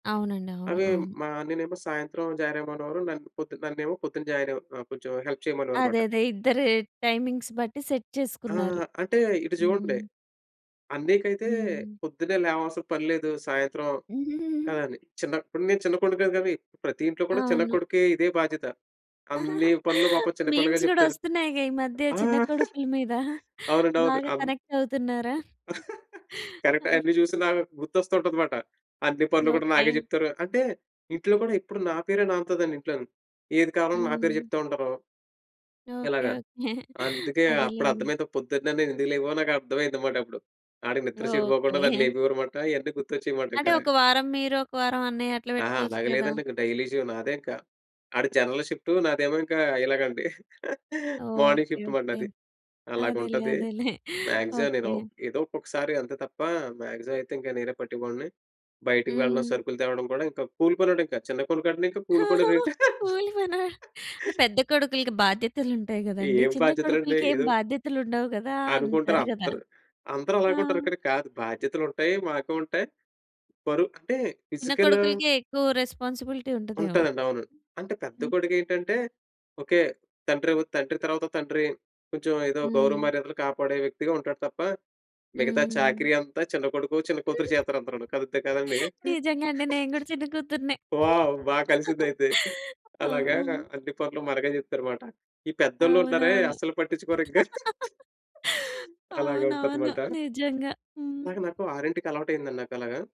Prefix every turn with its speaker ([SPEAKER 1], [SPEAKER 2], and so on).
[SPEAKER 1] అవునండి. అవును.
[SPEAKER 2] అవి
[SPEAKER 1] అవును.
[SPEAKER 2] మా అన్నయ్యనేమో సాయంత్రం జారేయమనేవారు, నన్ పొద్దున నన్నేమో పొద్దున జాయినవ్ కొంచెం హెల్ప్
[SPEAKER 1] అదే.
[SPEAKER 2] చేయమనేవారుమాట.
[SPEAKER 1] అదే. ఇద్దరు టైమింగ్స్ బట్టి సెట్
[SPEAKER 2] ఆ!
[SPEAKER 1] చేసుకున్నారు.
[SPEAKER 2] అంటే ఇటు చూడండి.
[SPEAKER 1] హ్మ్.
[SPEAKER 2] అన్నయ్యకైతే
[SPEAKER 1] హ్మ్.
[SPEAKER 2] పొద్దున్నే లేవాల్సిన పనిలేదు. సాయంత్రం ఆని చిన్నప్పుడు నేను చిన్న కొడుకా గవి ప్రతి ఇంట్లో కూడా చిన్న
[SPEAKER 1] అవును.
[SPEAKER 2] కొడుకే ఇదే బాధ్యత. అన్ని పనులు పాపం చిన్నపిల్లలకే
[SPEAKER 1] మీమ్స్ గూడా
[SPEAKER 2] చెప్తారు.
[SPEAKER 1] వస్తున్నాయిగా ఈ మధ్య
[SPEAKER 2] ఆ!
[SPEAKER 1] చిన్న కొడుకుల మీద.
[SPEAKER 2] అవునండి. అవును.
[SPEAKER 1] బాగా
[SPEAKER 2] అమ్
[SPEAKER 1] కనెక్ట్ అవుతున్నారా? ఆ!
[SPEAKER 2] కరెక్టే. అన్ని చూసి నాకు గుర్తొస్తుంటది మాట. అన్ని పనులు కూడా నాకే
[SPEAKER 1] ఓకే.
[SPEAKER 2] చెప్తారు. అంటే ఇంట్లో కూడా ఎప్పుడు నా పేరే నానుతదండి ఇంట్లోని. ఏది కావాలన్నా నా పేరు
[SPEAKER 1] హ్మ్.
[SPEAKER 2] చెప్తా ఉంటారు.
[SPEAKER 1] ఓకే.
[SPEAKER 2] ఇలాగ.
[SPEAKER 1] ఓకే.
[SPEAKER 2] అందుకే అప్పుడు
[SPEAKER 1] అదేలెండి.
[SPEAKER 2] అర్దమైంది, పొద్దున్నే నేనేందుకు లేగవనో నాకర్థమైంది మాటప్పుడు. ఆడికి నిద్ర సెడిపోకుండా నన్ను
[SPEAKER 1] ఓకే.
[SPEAKER 2] లేపేవారుమాట. ఇయన్నీ గుర్తొచ్చేయమాట.
[SPEAKER 1] అంటే
[SPEAKER 2] ఇంకలగ.
[SPEAKER 1] ఒక వారం మీరు ఒక వారం అన్నయ్య అట్లా
[SPEAKER 2] ఆ!
[SPEAKER 1] పెట్టుకోవచ్చు
[SPEAKER 2] అలాగ
[SPEAKER 1] గదా!
[SPEAKER 2] లేదండి. ఇంక డైలీ జీవ నాదే ఇంక. ఆడు జనరల్ షిఫ్ట్. నాదేమో ఇంక ఇలాగండి. Morning
[SPEAKER 1] okay.
[SPEAKER 2] షిఫ్ట్ మాట
[SPEAKER 1] ఓకే.
[SPEAKER 2] నాది.
[SPEAKER 1] అదేలే.
[SPEAKER 2] అలాగుంటది.
[SPEAKER 1] అదేలే.
[SPEAKER 2] Maximum
[SPEAKER 1] okay.
[SPEAKER 2] నేను ఏదో ఒక్కొక్కసారి అంతే తప్ప. మాక్సిమమయితే ఇంక నేనే పట్టే వాడిని. బయటకి వెళ్ళడం,
[SPEAKER 1] హ్మ్.
[SPEAKER 2] సరుకులు తేవడం కూడా ఇంకా కూలు పనోడింక. చిన్న కోడుకంటే ఇంకా కూలు కూడా రేటు
[SPEAKER 1] కూలి పనా? పెద్ద కొడుకులకి బాధ్యతలుంటాయి గదండీ.
[SPEAKER 2] ఏం
[SPEAKER 1] చిన్న
[SPEAKER 2] బాధ్యతలండి.
[SPEAKER 1] కొడుకులకేమి
[SPEAKER 2] ఏదో
[SPEAKER 1] బాధ్యతలుండవు కదా
[SPEAKER 2] అనుకుంటారు
[SPEAKER 1] అంటారు గదా!
[SPEAKER 2] అందరూ, అందరూ అలాగే
[SPEAKER 1] ఆ!
[SPEAKER 2] ఉంటారంటాగా కాదు బాధ్యతలుంటాయి. మాకు ఉంటాయి పరు అంటే
[SPEAKER 1] చిన్న
[SPEAKER 2] ఫిజికలు
[SPEAKER 1] కొడుకులకే ఎక్కువ రెస్పాన్సిబిలిటీ ఉంటదేమో.
[SPEAKER 2] ఉంటాదండి అవును. అంటే పెద్ద
[SPEAKER 1] హ్మ్.
[SPEAKER 2] కొడుకేంటంటే ఓకే. తండ్రి వ్ తండ్రి తర్వాత తండ్రి, కొంచెం ఏదో గౌరవ
[SPEAKER 1] హ్మ్.
[SPEAKER 2] మర్యాదలు కాపాడే వ్యక్తిగా ఉంటాడు తప్ప, మిగతా
[SPEAKER 1] హ్మ్.
[SPEAKER 2] చాకిరి అంతా చిన్న కొడుకు, చిన్న కూతురు చేత్తారు అందరును. కదుపుతే కాదండీ.
[SPEAKER 1] నిజంగండి నేను గూడా చిన్న కూతురినే.
[SPEAKER 2] వావ్! బా కలిసిందయితే.
[SPEAKER 1] ఆ!
[SPEAKER 2] అలాగా
[SPEAKER 1] హ్మ్.
[SPEAKER 2] అన్ని పనులు మనకే చెప్తారు మాట. ఈ పెద్దోళ్ళున్నారే
[SPEAKER 1] అవునవును.
[SPEAKER 2] అస్సలు పట్టించుకోరింక. అలాగ ఉంటది
[SPEAKER 1] అవునవును.
[SPEAKER 2] మాట.
[SPEAKER 1] నిజంగా. హ్మ్.
[SPEAKER 2] నాకు నాకు 6:00కి అలవాటయిందండి నాకు అలాగా.